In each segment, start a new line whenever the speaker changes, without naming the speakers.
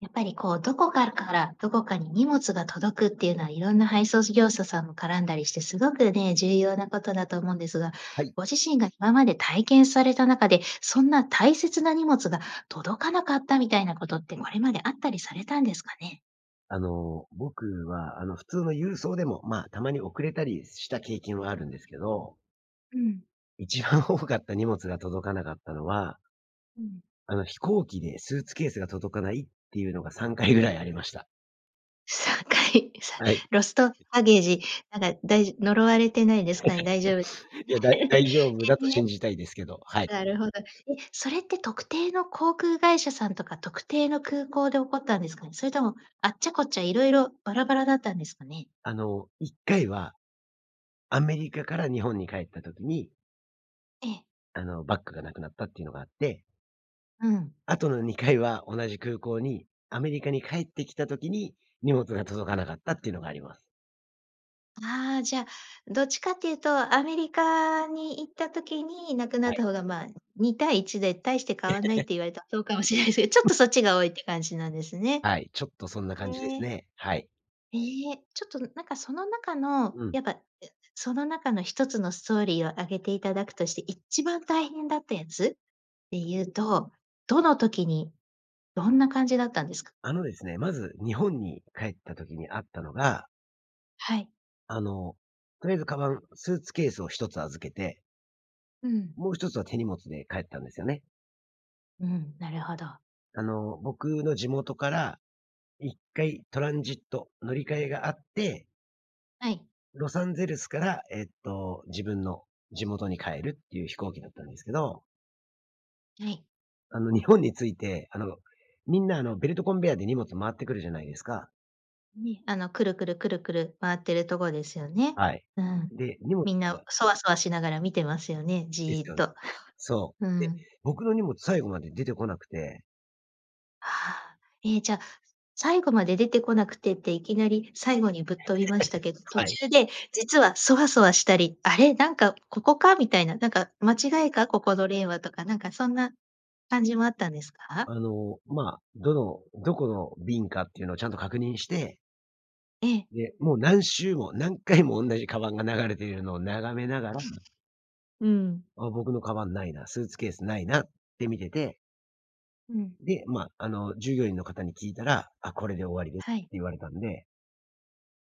やっぱりこう、どこかから、どこかに荷物が届くっていうのはいろんな配送事業者さんも絡んだりして、すごくね、重要なことだと思うんですが、
はい。
ご自身が今まで体験された中で、そんな大切な荷物が届かなかったみたいなことって、これまであったりされたんですかね？
あの、僕は、あの普通の郵送でも、ま、たまに遅れたりした経験はあるんですけど
うん。
一番多かった荷物が届かなかったのは
うん。
あの、飛行機でスーツケースが届かないっていうのが、3回ぐらいありました。
3回！さ
はい。
ロストバゲージ、なんか、だいじ呪われてないです かね？大丈夫で
いや、だい大丈夫だ
え、
と
ね。
信じたいですけど、はい。
なるほど。え、それって特定の航空会社さんとか特定の空港で起こったんですかね？それとも、あっちゃこっちゃ、いろいろ、バラバラだったんですかね？
あの、1回は、アメリカから日本に帰った時に
ええ。
あの、バッグが無くなったっていうのがあって。
うん。
後の2回は、同じ空港に、アメリカに帰ってきた時に、荷物が届かなかったっていうのがあります。
ああ、じゃあどっちかっていうとアメリカに行った時になくなっ
はい。
た方がまあ、2対1で大して変わんないっ て言われた、そうかもしれないすけど、ちょっと そっちが多いって感じなんですね。
はい、ちょっとそんな感じです
ええ。
ね。はい。
ええ、ちょっと、ん、なんかその中の、
うん。
やっぱ、え、その中の1つのストーリーを挙げていただくとして、一番大変だったやつでいうと、どの時にどんな感じだったんですか？
あのですね、まず日本に帰った時にあったのが
はい。
あの、とりあえずカバン、スーツケースを1つ預けて
うん。
もう1つは手荷物で帰ったんですよね。
うん、なるほど。
あの、僕の地元から1回トランジット乗り換えがあって
はい。
ロサンゼルスからえっと、自分の地元に帰るっていう飛行機だったんですけど
はい。
あの、日本に着いて、あの、みんな、あの、ベルトコンベアで荷物回ってくるじゃないですか
ね、あのくるくる、くるくる回ってるとこですよね。
はい。
うん。
で、荷物
みんなそわそわしながら見てますよね、
で
ジ
す
ーっ
よ。
と、
そ
う
う。で、
ん。
僕の荷物最後まで出てこなくて
はあ。え、じゃ、最後まで出てこなくてって、いきなり最後にぶっ飛びましたけど、途
はい。
中で、実はそわそわしたり、あれ、なんか、ここか？みたいな、なんか、間違いか？ここの例はとか、なんか、そんな感じもあったんですか？
あの、まあ、どの、どこの便かっていうのをちゃんと確認して
ええ。
で、もう何周も、何回もおんなじ鞄が流れているのを眺めながら
うん。
「あ、僕の鞄、無いな。スーツケース、無いな」って、見てて
うん。
で、まあ、あの、従業員の方に聞いたら、「あ、これで終わりです」
は
って
い。
言われたんで。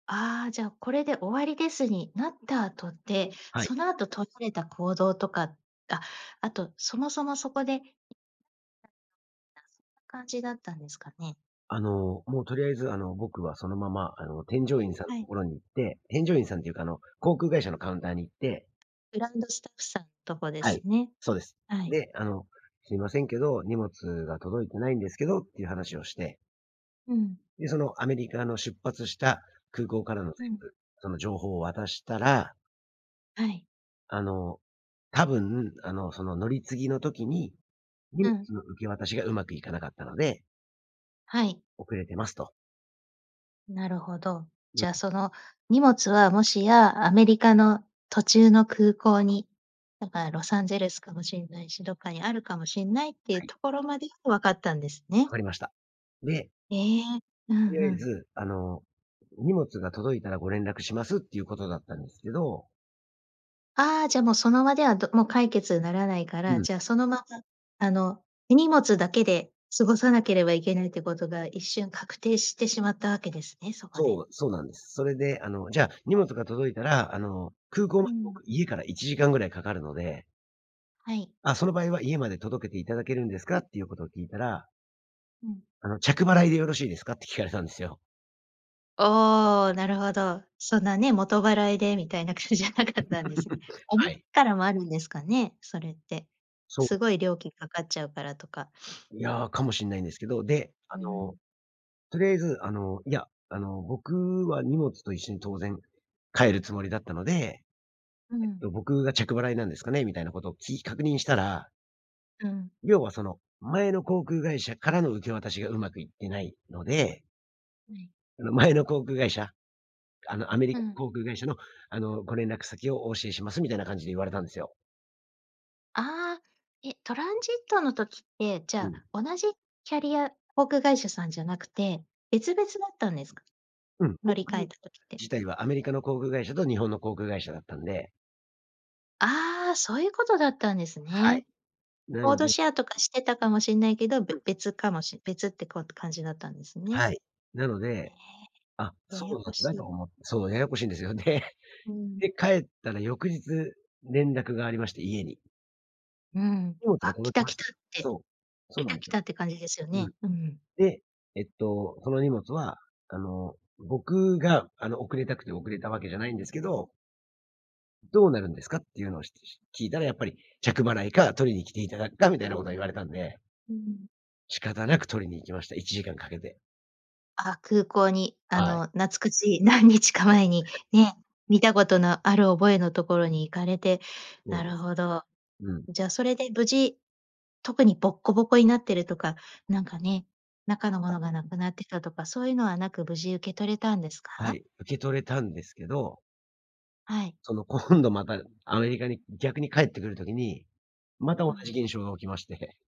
ああ、じゃ、これで終わりですになった後って、
はい。
その後とられた行動とか、あ、あと、そもそもそこで [unintelligible] 感じだったんですかね？
あの、もうとりあえず、あの、僕はそのまま、あの、添乗員さんの
はい。
所に行って添乗員さんっていうか、あの、航空会社のカウンターに行って
グランドスタッフさんとこで
は
す
い、
ね。
そうです。
はい。
で、あの、すみませんけど、荷物が届いてないんですけどっていう話をして。
うん。
で、そのアメリカの出発した空港からの
う
全
ん。
部、その情報を渡したら
はい。
あの、多分、あの、その乗り継ぎの時に、荷
う
物
ん。
の受け渡しがうまくいかなかったので
はい。
遅れてますと。
なるほど。
う
じゃあ、
ん。
その荷物は、もしやアメリカの途中の空港に、だからロサンゼルスかもしんないし、どっかにあるかもしんないっていう
はい。
ところまで、分かったんですね。
分かりました。で
ええ、う
とり
んう
あえ
ん。
ず、あの、荷物が届いたら、ご連絡しますっていう事だったんですけど
ああ、じゃあ、もう、その場では、どもう解決ならないか
う
ら、
ん。
じゃあ、そのまま、あの、手荷物だけで過ごさなければいけないという事が、一瞬、確定してしまったわけですね、
す
そこで。
そう、そうなんです。それで、あの、じゃあ、荷物が届いたら、あの、空港ま
う
で
ん。
僕、家から1時間ぐらいかかるので
はい。
「あ、その場合は、家まで届けて頂けるんですか？」っていう事を聞いたら
うん。
あの「着払いでよろしいですか？」って聞かれたんですよ。
おお、なるほど。そんなね、元払いでみたいな感じじゃなかったんですね。おも、
はい。
からもあるんですかね？それって。
そう。
すごい料金かかっちゃうからとか。
いや、かもしんないんですけど。で、あ
うー
の、
ん。
とりあえず、あの、いや、あの、僕は荷物と一緒に当然帰るつもりだったので、
う
えっ
ん。
と僕が、「着払いなんですかね？」みたいなことをき確認したら
うん。
要は、その、前の航空会社からの受け渡しがうまくいってないので。
うん。
あの、前の航空会社、あの、「アメリ
う
カ
ん。
航空会社の、あの、ご連絡先をお教えします」みたいな感じで言われたんですよ。
ああ、え、トランジットの時って、じ
う
ゃ
ん。
あ、同じキャリア航空会社さんじゃなくて別々だったんですか？
うん、
乗
航
り換
空
えた時って。
自体は、アメリカの航空会社と日本の航空会社だったんで
ああ、そういうことだったんです
は
ね。
い。な
コー
の
ド
で
シェアとかしてたかもしんないけど、
う
べ
ん。
別かもし別って、こうと、感じだったんですね。
はい。なので、あ、
ええ、
そ
やや
うな
こし
んだと
い。
思ってそう、ややこしいんですよね。
うん。
で、帰ったら翌日、連絡がありまして、家に。
うん、
荷物が
あ、来
届き
た
ま
来
し
た
た。
って、
そう、そう
来
なん
た
です
来
よ。
たって感じですよ
うん。
ね。うん。
で、えっと、その荷物は、あの、僕があの、遅れたくて遅れたわけじゃないんですけど「どうなるんですか？」っていうのをひし聞いたら、やっぱり、着払いか取りに来ていただくかみたいなことを言われたんで
うん。
仕方なく取りに行きました。1時間かけて。
あ、空港にあ
はい。
の、なつくち、何日か前に ね、見たことのある覚えのところに行かれて、
そう
な
で
るほど。
うん。
じゃそれで無事、特にボッコボコになってるとか、なんかね、中のものがなくなってたとかそういうのはなく、無事受け取れたんです
は
か？
い、受け取れたんですけど
はい。
その、今度またアメリカに逆に帰ってくる時に、また
う
同
ん。
じ現象が起きまして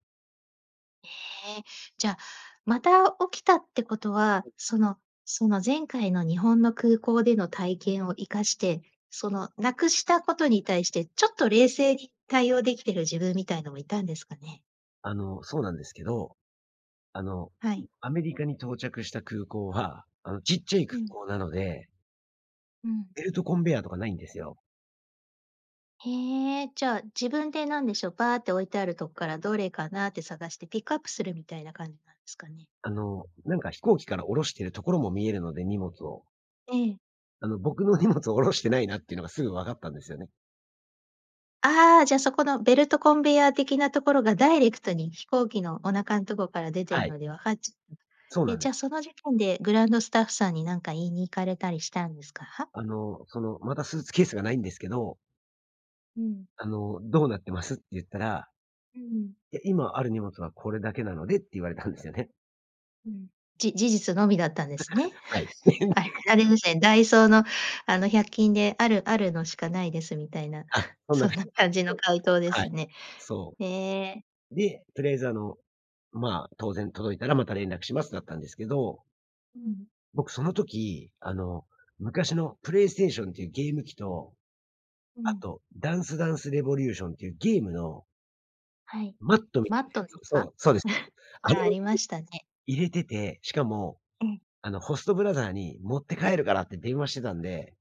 へえ。じゃ、また起きたってことは、そのその前回の日本の空港での体験を生かして、その、なくしたことに対して、ちょっと冷静に対応できてる自分みたいなのもいたんですかね？
あの、そうなんですけど。あの、ん、
はい。
アメリカに到着した空港は、あの、ちっちゃい
う
空
ん。
港なので
うん。
ベルトコンベヤーとかないんですよ。
へえ、じゃあ自分でなんでしょう、バーて置いてあるとっからどれかなって探してピックアップするみたいな感じなんですかね。
あの、なんか飛行機から降ろしているところも見えるので、荷物を。
ええ。
あの、僕の荷物を降ろしてないなっていうのがすぐ分かったんですよね。
ああじゃそこのベルトコンベヤー的なところがダイレクトに飛行機のお腹んとこから出て
は
る
い。
のでわかっちゃった。
そうな
え、
ん
じ
で。
ゃあ、その時点でグランドスタッフさんに何か言いに行かれたりしたんですか？
「あの、その、またスーツケースがないんですけど」
うん。
「あの、どうなってます」て言ったら。
うん。
いや、今ある荷物はこれだけなのでって言われたんですよね。
うん、じ事実のみだったんですね。
はい。
あれ ですね、ダイソーのあの百均である、あるのしかないですみたいな
あ、そんな
そん
感じ。
な感じの
うん、
回答で
は
す
い。
ね。
そ
へえ。
う。で、とりあえずあの、ま、当然届いたらまた連絡しますだったんですけど
うん。
僕その時、あの、昔のプレイステーションっていうゲーム機と、
う
あ
ん。
と、ダンスダンスレボリューションっていうゲームの
はい。
マットみた
マ
い
ッ
なや
トで
つをそ
か？
う、そうです。あ
が、
れ
あ
を
り
入れ
ましたね。
入れてて、しかも、
うん。
あの、ホストブラザーに「持って帰るから」って電話してたんで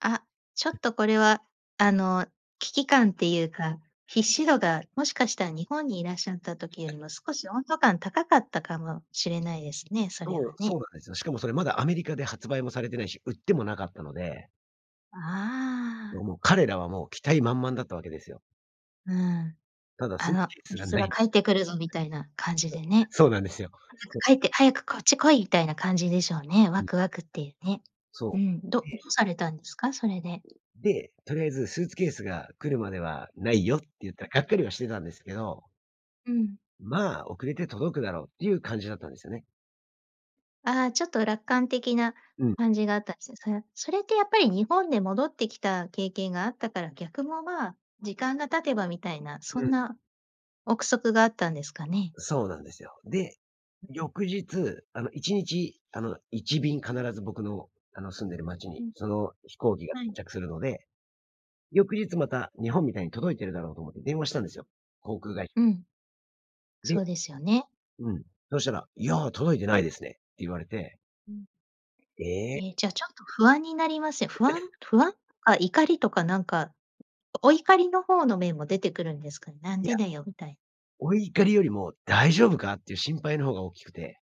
あ、ちょ っとこれは、あの、危機感っていうか必死度が、もしかしたら日本にいらっしゃった時より も、少し温度感高かったかもしれないですね、それ
そ
は
う、そ
ね。
うなんですよ。しかも、それまだアメリカで発売もされてないし、売ってもなかったので
ああ。
ど、もう、彼らはもう、期待満々だったわけですよ。
うん、
ただス
あ
ーツ
の、
ケース
み
が
す
無
が
い
帰ってくるぞ、みたいな感じでね。
そうなんですよ。
早く 帰って早くこっち来いみたいな感じでしょうね、ワ
うん。
クワクっていうね、う
そ
ん、どど
う。で
うされたんですか？それで。
で、とりあえず「スーツケースが来るまではないよ」って言った
うん。
がっかりはしてたんですけど
うん。
まあ、遅れて届くだろうっていう感じだったんですよね。
ああ、ちょっと楽観的な
うん。
感じがあったんですよね、そやそれってやっぱり日本で戻ってきた経験があったから、逆もまあ、時間が経てばみたいな、そ
う
ん
ん。
な憶測があったんですかね？
そうなんですよ。で、
うん。
翌日あの、1日、あの、1便必ず僕の、あの、住んでる街に
うん。
その、飛行機が
は
到
い。
着するので、翌日また、日本みたいに届いてるだろうと思って電話したんですよ、航空がい
うん。
で、
そうですよね。
うん、そしたら「いや、届いてないですね」って言われて
うん。
ええ。
ええ、じゃあちょっと不安になりますよ。不安 不安とか怒りとかなんか、おお怒りの方の面も出てくるんですか、なん
いや。
でだよ、みたい。
お怒りよりも大丈夫かっていう心配の方が大きくて。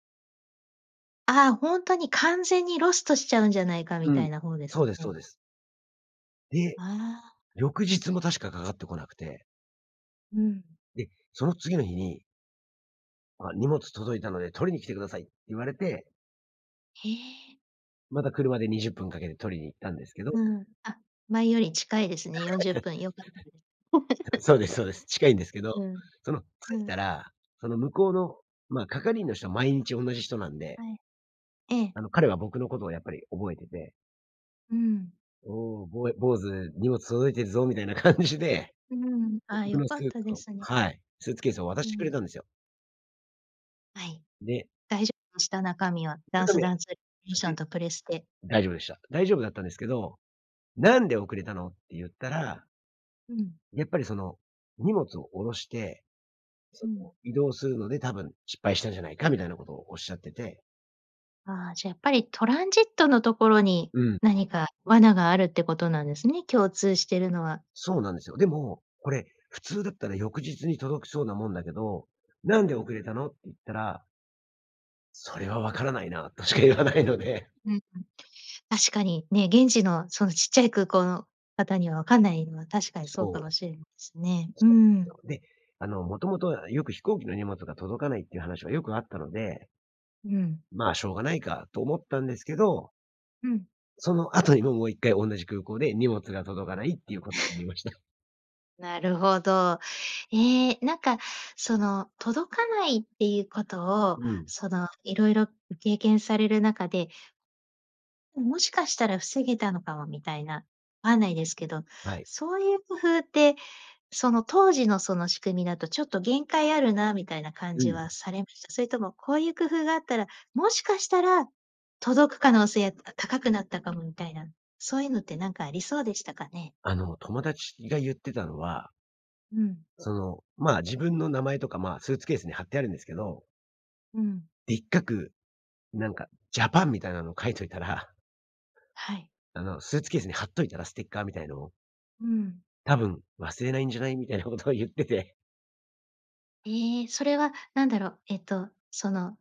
ああ、本当に完全にロストしちゃうんじゃないか
う
みた
ん。
いな方です
そ
か
うですそう
ね。
です。で、
ああ。
翌日も確か、かかってこなくて。
うん。
で、その次の日に「あ、荷物届いたので取りに来てください」って言われて。
へえ。
また車で20分かけて取りに行ったんですけど。
うん。あ、前より近いですね。40分。良かったです。
そうで すそうです。近いんですけど。
うん、
その
う
着い
ん。
たら、その向こうの、ま、係員の人は毎日おんなじ人なんで。
はい。ええ。
あの、彼は僕のことをやっぱり覚えてて。
うーん。
「おお、ぼ坊主、荷物届いてるぞ」みたいな感じで。
うーん。
で、
あ、
僕
よ
の
か
スー
った
ツ
で
を
すね。
はい。スーツケースを渡
う
してくれ
ん。
たんですよ。
はい。
で。
大丈夫でした？中身は。ダン
中
ス
身は
ダ
ね
ンス、リューシ
無
ョン
事
とプレステ。
大丈夫でした。大丈夫だったんですけど、「なんで遅れたの？」って言ったら
うん。
やっぱり、その、荷物を降ろして、そ
う
の、
ん。
移動するので多分失敗したんじゃないか、みたいなことをおっしゃってて。
ああ、じゃあ、やっぱりトランジットのところに
うん。
何か罠があるってことなんですね、共通してるのは。
そうなんですよ。でも、「これ、普通だったら翌日に届きそうなもんだけど、なんで遅れたの？」って言ったら「それは分からないな」としか言わないので。
うんうん。確かにね、現地のそのちっちゃい空港の方には、分かんないのは確かにそうか
そ
も
う。
しれないすね。うー
そうすよ、
ん。
で、あの、元々よく飛行機の荷物が届かないっていう話がよくあったので
うん。
「まあ、しょうがないか」と思ったんですけど
うん。
その後にも、もう1回同じ空港で荷物が届かないっていうこに ました。
なるほど。ええ。なんかその、届かないっていうことを
うん。
その、色々ご経験される中でうん、もしかしたら防げたのかもみたいな、わんないですけど、
はい。
そういう工夫ってその当時のその仕組みだとちょっと限界あるな、みたいな感
う
じ
ん。
はされました？それともこういう工夫があったら、もしかしたら届く可能性、あ、高くなったかもみたいな、そういうのってなんかありそうでしたかね？
あの、友達が言ってたのは
うん。
その、まあ、自分の名前とか、まあ、スーツケースに貼ってあるんですけど。
うん。
でっかく、なんかジャパンみたいなのを書いといたら
はい。
あの、スーツケースに貼っといたら、ステッカーみたいのを。
うん。
多分、忘れないんじゃない、みたいな事を言ってて
ええ、それは何だろう、えっと、その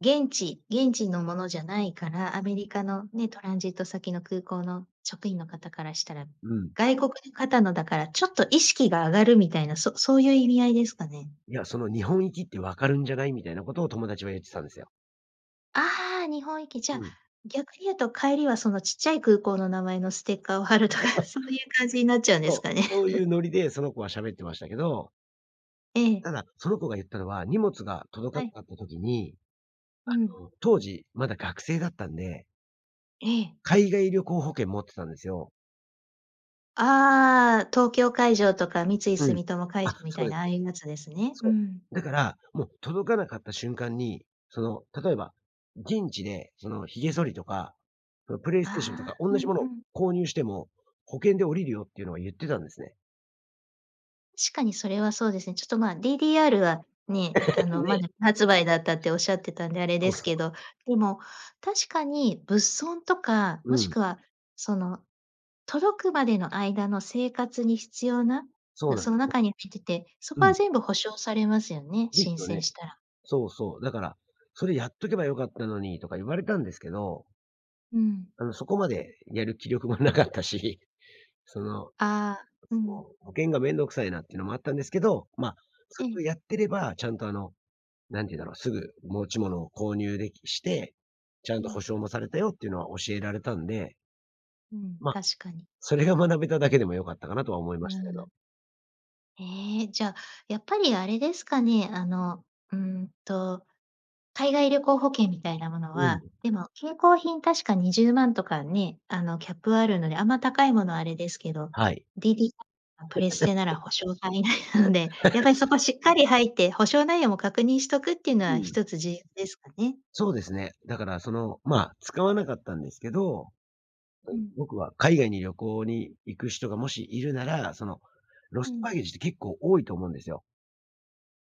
現地現地のものじゃないから、アメリカのね、トランジット先の空港の職員の方からしたら、
うん。
外国の方のだから、ちょっと意識が上がるみたいな、そそう言う意味合いですかね。
いや、その「日本行きって分かるんじゃない？」みたいな事を友達は言ってたんですよ。
ああ、日本行き。じ
う
ゃ、
ん。
逆に言うと帰りは、その小っちゃい空港の名前のステッカーを貼ると か、そういう感じになっちゃうんです
そう、
かね。
そういう ノリで、その子は喋ってましたけど
ええ。
ただ、その子が言ったのは、荷物が届か
はい。
なかった時に、
うん。
あの、当時、まだ学生だったんで
ええ。
海外旅行保険持ってたんですよ。
ああ、東京海上とか三井
うん。
住友海
あ、
上み
そ
た
う
い
です
な、あ
そ
あ
う
いう
で
やつです
す。
ね。う
そ
ん。
う。だから、もう届かなかった瞬間に、その、例えば現地で、その髭剃りとか、そのプレイステーションと
あ
か
あ、
おん
う
な
ん
じもの
う
を
ん。
購入しても、保険で下りるよっていうのは言ってたんですね。
確かに、それはそうですね。ちょっと、ま、DDR はね、あ の、ま
ね。
だ未発売だったっておっしゃってたんで、あれ
そ
で
う
す
そ
けど。
う。
でも、確かに物損とか、も
う
し
ん。
くは、その、届くまでの間の生活に必要な
そう
の、
なん
そ
で
の
すよ。
中に入ってて、そ
う
こは
ん。
全部補償されますよね、
で
申
すよ
請
ね。
したら。
そうそう。だから、「それ、やっとけば良かったのに」とか言われたんですけど。
うん。
うん、そこまでやる気力もなかったし、その、
ああ、うん。
保険が面倒くさいなっていうのもあったんですけど、ま、そ
ええ。
れをやってれば、ちゃんと、あの、何て言うんだろう、すぐ持ち物を購入できして、ちゃ
う
んと保
ん。
証もされたよっていうのは教えられたんで
うん、
ま、
確かに。
それが学べただけでも良かったかな、とは思いま
う
したけど。
ん。ええ。じゃ、やっぱり、あれですかね、あの、うーんと、海外旅行保険みたいなもの
うん。
は、でも、携行品確か20万とかね、あの、キャップあるので、あんま高いものはあれですけど、
はい。
DDR やプレステなら保証範 囲内なので、やはりそ こしっかり入って、保証内容も確認しとくっての
う
は
ん。
一つ重要ですかね。
そうですね。だから、その、まあ、使わなかったんですけど、ぼ
うん。
僕は海外に旅行に行く人がもしいるなら、その、ロ
う
スト
ん。
パゲージって結構多いと思うんですよ。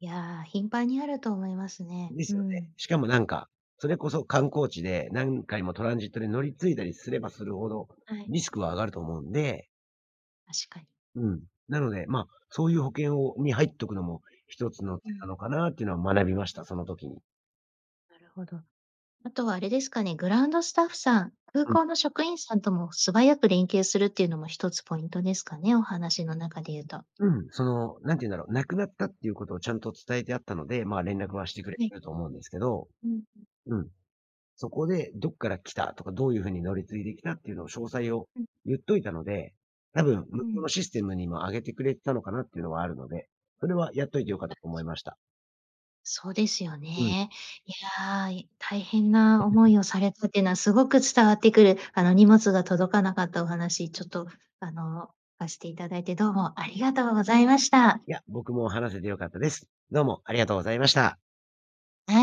いや、頻繁にあると思いますね。
です
う
よね。
ん。
しかも、なんか、それこそ観光地で何回もトランジットに乗り継いだりすればするほど、
はい。
リスクは上がると思うんで。
確かに。
うん。なので、ま、そういう保険をに入っとくのも一つの手
う
な
ん。
のかなっていうのを学びました、その時に。
なるほど。あとはあれですかね、グラウンドスタッフさん、空
うん。
港の職員さんとも素早く連携するっていうのも一つポイントですかね、お話の中で言うと。
うん。その、何て言うんだろ、無くなったっていうことをちゃんと伝えてあったので、ま、連絡はしてくれ
はい。
てると思うんですけど
うん。
うん。そこで、どっから来たとか、どういう風に乗り継いできたっていうのを詳細を
うん。
言っといたので、多分向
う
こうの
ん。
システムにも上げてくれてたのかなっていうのはあるので、それはやっといて良かったと思
[unintelligible]
いました。
そうですよ
うん。
ね。いや、い大変な思い をされたってのは、すごく伝わってくる、あの、荷物が届かなかったお話、ちょっと、あの、さしていただいて、どうもありがとうございました。
いや、僕も話せて良かったです。どうもありがとうございました。
な [unintelligible]